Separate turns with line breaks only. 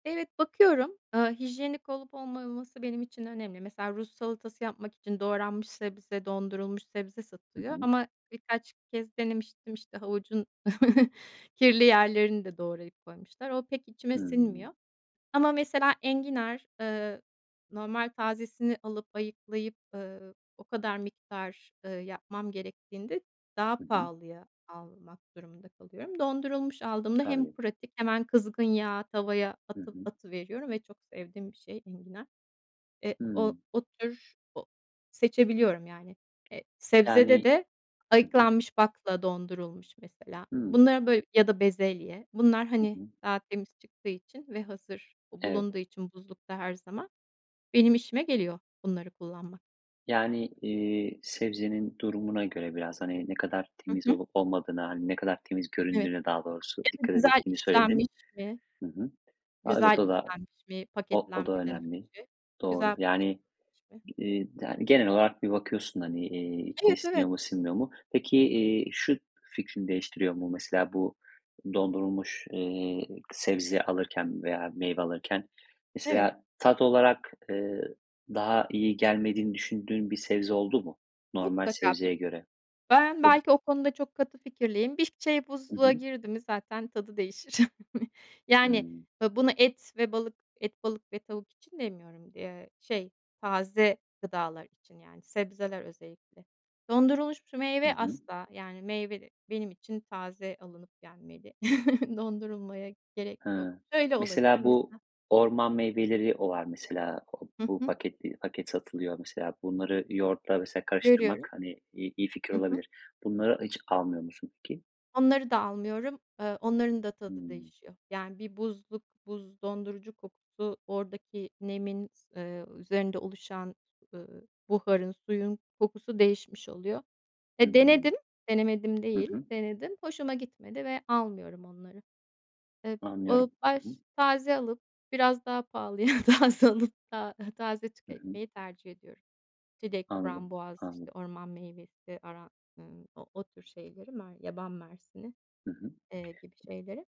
Evet, bakıyorum. Eee, hijyenik olup olmaması benim için önemli. Mesela Rus salatası yapmak için doğranmış sebze, dondurulmuş sebze
Hı
satılıyor
hı.
ama birkaç kez denemiştim, işte, havucun kirli yerlerini de doğrayıp koymuşlar. O pek içime
Hıı.
sinmiyor Ama mesela enginar, eee, normal tazesini alıp ayıklayıp, ııı, o kadar miktar, ııı, yapmam gerektiğinde daha
Hı hı.
pahalıya almak durumunda kalıyorum. Dondurulmuş aldığımda hem
Tabii.
pratik, hemen kızgın yağa tavaya
Hı
atı
hı.
atıveriyorum ve çok sevdiğim bir şey enginar. Eee, o
Hıı.
o tür o Seçebiliyorum yani. Eee, sebzede
Yani
de
Hı hı.
ayıklanmış bakla dondurulmuş mesela.
Hıı.
Bunları böyle ya da bezelye. Bunlar,
Hı
hani,
hı.
daha temiz çıktığı için ve hazır
Evet.
bulunduğu için buzlukta her zaman benim işime geliyor bunları kullanmak.
Yani, iii, sebzenin durumuna göre biraz, hani, ne kadar
Hı
temiz
hı.
olup olmadığına, hani, ne kadar temiz
Evet.
göründüğüne daha doğrusu
Ya da
dikkat
güzel
ettiğini
işlenmiş
söyledin.
mi?
Hı hı. A,
Güzel
evet, o da
işlenmiş mi
o o da
paketlenmeden
önemli.
önce?
Doğru.
Güzel
Yani,
paketlenmiş mi?
ııı, da genel olarak bir bakıyorsun, hani, iii, içine
Evet, evet.
siniyor mu, sinmiyor mu? Peki,
Hı hı.
iii, şu fikrini değiştiriyor mu? Mesela bu dondurulmuş, eee, k sebze alırken veya meyve alırken
Evet.
mesela tat olarak, ııı, daha iyi gelmediğini düşündüğün bir sebze oldu mu, normal
Mutlaka. B
sebzeye göre?
ben
[unintelligible]
belki o konuda çok katı fikirliyim. Bir şey
Hı
buzluğa
hı.
girdi mi zaten tadı değişir. Yani,
Hımm.
ya, bunu et ve balık et, balık ve tavuk için demiyorum d eee, şey, taze gıdalar için, yani sebzeler özellikle. Dondurulmuş şu
Hı
meyve
hı.
asla. Yani meyve benim için taze alınıp gelmeli. Dondurulmaya gerek yok.
Hıı.
Şöyle olabilir:
Mesela bu
Mesela
orman meyveleri olan, mesela, o
Hı
bu
hı.
paket i paket satılıyor. Mesela bunları yoğurtla mesela karıştırmak,
Görüyorum.
hani, i iyi fikir
Hı hı.
olabilir. Bunları hiç almıyor musun peki?
Onları da almıyorum. Eee, onların da tadı
Hımm.
değişiyor. Yani, bir buzluk, buz dondurucu kokusu oradaki nemin s eee, üzerinde oluşan, ııı, buharın suyun kokusu değişmiş oluyor. Eee, denedim,
Hımm.
denemedim
Hı
değil,
hı.
denedim. Hoşuma gitmedi ve almıyorum onları. Eee, ııı,
Anlıyorum. Hı hı.
baş Taze alıp biraz daha pahalıya taze alıp ta taze
Hı hı.
tüketmeyi tercih ediyorum çilek,
Anladım.
frambuaz, işte,
Anladım.
orman meyvesi aran ııı, o o tür şeyleri, yaban mersini,
Hı hı.
eee, gibi şeyleri